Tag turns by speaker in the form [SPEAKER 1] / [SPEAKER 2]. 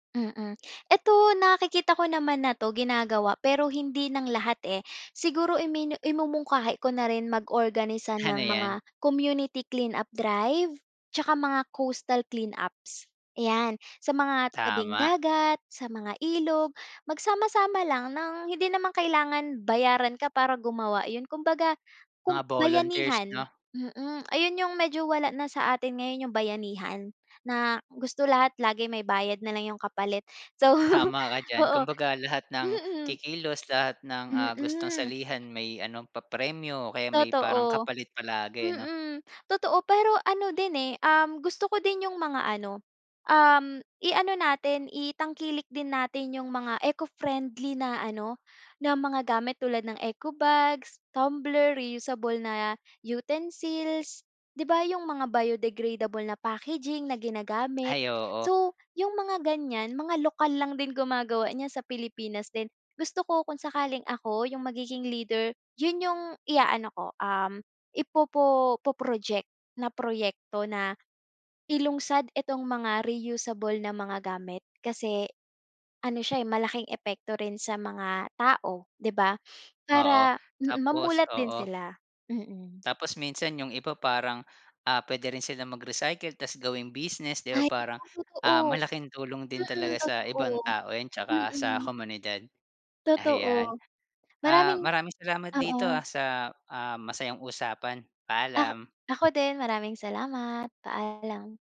[SPEAKER 1] Mm, ito nakikita ko naman na 'to, ginagawa pero hindi ng lahat, eh, siguro iminu imumungkahi ko na rin mag-organisa
[SPEAKER 2] Ano
[SPEAKER 1] ng
[SPEAKER 2] 'yan?
[SPEAKER 1] mga community clean up drive 'tsaka mga coastal clean ups. Ayan, sa mga tabing
[SPEAKER 2] Tama.
[SPEAKER 1] dagat, sa mga ilog magsama-sama lang ng hindi namang kailangan bayaran ka, para gumawa, 'yon kumbaga
[SPEAKER 2] Mga
[SPEAKER 1] kum
[SPEAKER 2] volunteers
[SPEAKER 1] bayanihan,
[SPEAKER 2] 'no.
[SPEAKER 1] mm, ayun yung medyo wala na sa atin ngayon yung bayanihan na gusto lahat lagi may bayad nalang yung kapalit, so
[SPEAKER 2] Tama ka diyan
[SPEAKER 1] oo,
[SPEAKER 2] kumbaga lahat ng
[SPEAKER 1] mm.
[SPEAKER 2] kikilos lahat ng, ah, gustong
[SPEAKER 1] Mm.
[SPEAKER 2] salihan may ano papremyo o kaya may parang
[SPEAKER 1] Totoo,
[SPEAKER 2] kapalit palagi 'no.
[SPEAKER 1] mm. Totoo, pero ano din, eh, um, gusto ko din yung mga ano, um, iano natin itangkilik din natin yung mga eco-friendly na ano, na mga gamit tulad ng eco-bags, tumbler, reusable na utensils di ba, yung mga biodegradable na packaging na ginagamit.
[SPEAKER 2] Ay, oo.
[SPEAKER 1] So, yung mga gan'yan mga lokal lang din gumagawa niyan sa Pilipinas din gusto ko kung sakaling ako yung magiging leader yun yung iaano ko, um, ipopo po project na proyekto na ilungsad itong mga reusable na mga gamit, kasi ano siya, eh, malaking epekto rin sa mga tao, di ba?
[SPEAKER 2] Oo,
[SPEAKER 1] Para mm,
[SPEAKER 2] tapos
[SPEAKER 1] mamulat din
[SPEAKER 2] oo.
[SPEAKER 1] sila, mm.
[SPEAKER 2] Tapos minsan yung iba parang, ah, puwede rin silang mag-recycle tas gawing business, di ba?
[SPEAKER 1] Ay
[SPEAKER 2] Parang,
[SPEAKER 1] totoo.
[SPEAKER 2] ah, malaking tulong din
[SPEAKER 1] Mm,
[SPEAKER 2] talaga sa
[SPEAKER 1] totoo,
[SPEAKER 2] ibang tao 'yan tsaka sa
[SPEAKER 1] mm.
[SPEAKER 2] komunidad.
[SPEAKER 1] Totoo,
[SPEAKER 2] Ayan, ah,
[SPEAKER 1] maraming
[SPEAKER 2] maraming salamat
[SPEAKER 1] oo.
[SPEAKER 2] dito, ah, sa, ah, masayang usapan,
[SPEAKER 1] Ak
[SPEAKER 2] paalam.
[SPEAKER 1] ako din maraming salamat, paalam.